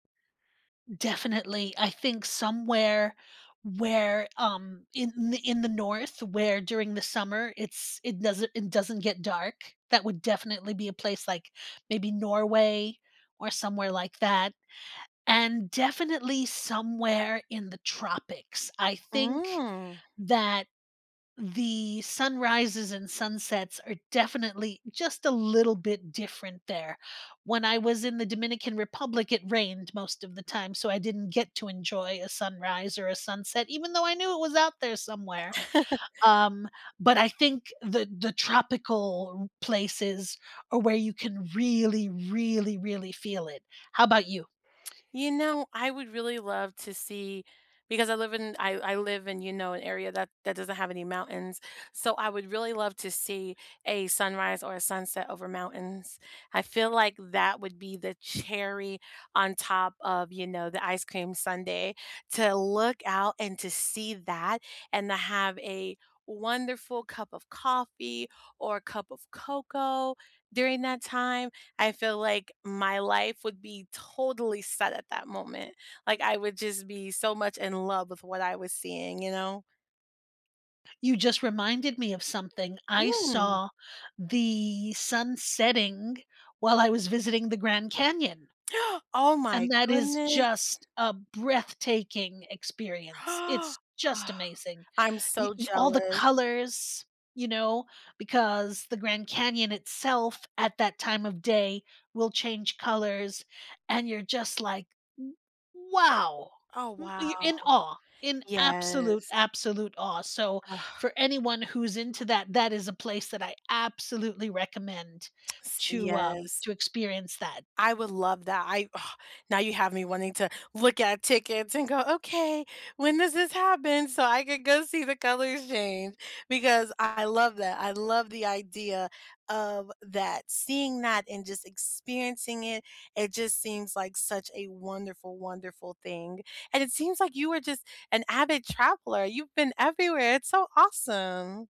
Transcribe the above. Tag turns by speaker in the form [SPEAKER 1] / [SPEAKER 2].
[SPEAKER 1] Definitely, I think somewhere where, um, in in the North, where during the summer, it's it doesn't it doesn't get dark. That would definitely be a place, like, maybe Norway or somewhere like that, and definitely somewhere in the tropics; I think
[SPEAKER 2] Mm.
[SPEAKER 1] that the sunrises, and sunsets are definitely just a little bit different there, when I was in the Dominican Republic it rained most of the time so I didn't get to enjoy a sunrise, or a sunset- even though I knew it was out there somewhere. Um, but I think the the tropical r places are where you can really, really, really feel it. How about you?
[SPEAKER 2] You know, I would really love to see because I live in I I live in, you know, an area that that doesn't have any mountains, so I would really love to see a sunrise or a sunset over mountains, I feel like that would be the cherry on top of, you know, the ice cream sundae to look out and to see that, and to have a wonderful cup of coffee, or a cup of cocoa during that time, I feel like my life would be totally set at that moment, like, I would just be so much in love with what I was seeing, you know?
[SPEAKER 1] You just reminded me of something; I
[SPEAKER 2] Mm!
[SPEAKER 1] saw the sun setting while I was visiting the Grand Canyon.
[SPEAKER 2] Oh my
[SPEAKER 1] And that is
[SPEAKER 2] goodness.
[SPEAKER 1] just a breathtaking experience, it's just
[SPEAKER 2] Ah,
[SPEAKER 1] amazing!
[SPEAKER 2] I'm
[SPEAKER 1] Y
[SPEAKER 2] so
[SPEAKER 1] y all the
[SPEAKER 2] jealous.
[SPEAKER 1] colors, you know, because the Grand Canyon itself, at that time of day will change colors, and you're just like, "W wow!"
[SPEAKER 2] Oh,
[SPEAKER 1] W
[SPEAKER 2] wow.
[SPEAKER 1] you're in awe, in absolute,
[SPEAKER 2] Yes.
[SPEAKER 1] absolute awe, so
[SPEAKER 2] Ugh.
[SPEAKER 1] for anyone who's into that that is a place that I absolutely recommend
[SPEAKER 2] S
[SPEAKER 1] to, um
[SPEAKER 2] yes.
[SPEAKER 1] to experience that.
[SPEAKER 2] I would love that, I now you have me wanting to look at tickets and go, "Okay, when does this happen?" So I could go see the colors change, because I love that, I love the idea of that, seeing that and just experiencing it, it just seems like such a wonderful, wonderful thing, and it seems like you were just an avid traveler; you've been everywhere it's so awesome.